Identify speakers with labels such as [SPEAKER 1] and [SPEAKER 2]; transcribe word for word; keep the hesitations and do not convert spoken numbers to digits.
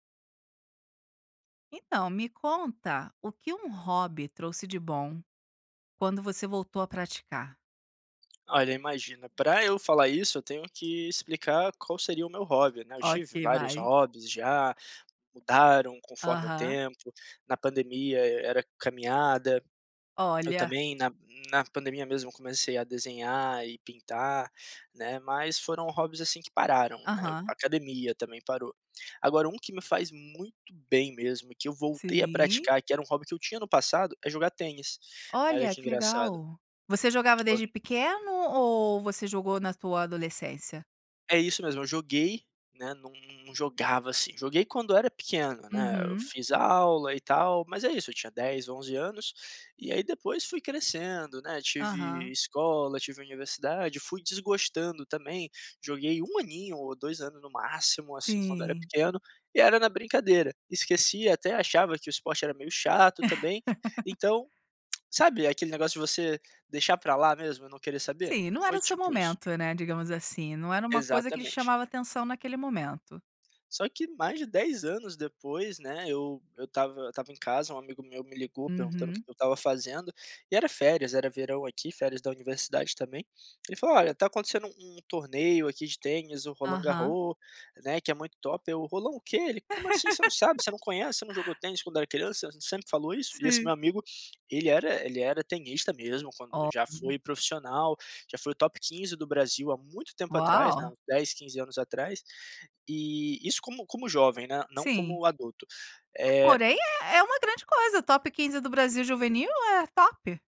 [SPEAKER 1] Então, me conta o que um hobby trouxe de bom quando você voltou a praticar?
[SPEAKER 2] Olha, imagina, pra eu falar isso eu tenho que explicar qual seria o meu hobby, né. Eu tive
[SPEAKER 1] Ok,
[SPEAKER 2] vários
[SPEAKER 1] vai.
[SPEAKER 2] hobbies já, mudaram conforme o
[SPEAKER 1] Aham.
[SPEAKER 2] tempo, na pandemia era caminhada, eu
[SPEAKER 1] Olha!
[SPEAKER 2] também na na pandemia mesmo comecei a desenhar e pintar, né, mas foram hobbies, assim, que pararam, né,
[SPEAKER 1] Aham.
[SPEAKER 2] academia também parou. Agora um que me faz muito bem mesmo e que eu voltei a
[SPEAKER 1] Sim.
[SPEAKER 2] praticar, que era um hobby que eu tinha no passado, é jogar tênis, né, olha
[SPEAKER 1] Olha
[SPEAKER 2] que
[SPEAKER 1] que
[SPEAKER 2] engraçado.
[SPEAKER 1] legal. Você jogava
[SPEAKER 2] Quan
[SPEAKER 1] desde pequeno ou você jogou na tua adolescência?
[SPEAKER 2] É isso mesmo, eu joguei, né, não não não jogava, assim, joguei quando era pequeno, né, eu
[SPEAKER 1] Uhum.
[SPEAKER 2] fiz aula e tal mas é isso, eu tinha dez, onze anos. E aí depois fui crescendo, né, tive
[SPEAKER 1] Aham.
[SPEAKER 2] escola, tive universidade, fui desgostando também, joguei um aninho ou dois anos no máximo, assim, quando era
[SPEAKER 1] Sim.
[SPEAKER 2] pequeno, e era na brincadeira. Esqueci, até achava que o esporte era meio chato também, então, sabe aquele negócio de você deixar pra lá mesmo e não querer saber?
[SPEAKER 1] Sim, não era
[SPEAKER 2] Foi
[SPEAKER 1] o seu
[SPEAKER 2] tipo isso.
[SPEAKER 1] momento, né, digamos assim, não era uma coisa que lhe
[SPEAKER 2] Exatamente.
[SPEAKER 1] chamava atenção naquele momento.
[SPEAKER 2] Só que mais de dez anos depois, né, eu eu estava eu estava em casa, um amigo meu me ligou perguntando o que
[SPEAKER 1] Uhum.
[SPEAKER 2] que eu estava fazendo, e era férias, era verão aqui, férias da universidade também, ele falou: "Olha, tá acontecendo um torneio aqui de tênis, o Roland
[SPEAKER 1] Aham.
[SPEAKER 2] Garros, né, que é muito top", eu "Roland o quê?". Ele: "Como assim você não sabe, você não conhece, você não jogou tênis quando eu era criança, sempre falou isso?". E esse meu
[SPEAKER 1] Sim.
[SPEAKER 2] amigo, ele era ele era tenista mesmo quando já
[SPEAKER 1] Olha.
[SPEAKER 2] foi profissional, já foi o top quinze do Brasil há muito tempo atrás, né,
[SPEAKER 1] Uau!
[SPEAKER 2] uns dez, quinze anos atrás, e isso como como jovem, né, não
[SPEAKER 1] Sim.
[SPEAKER 2] como adulto, eh
[SPEAKER 1] Porém é é uma grande coisa, o top quinze do Brasil juvenil, é top!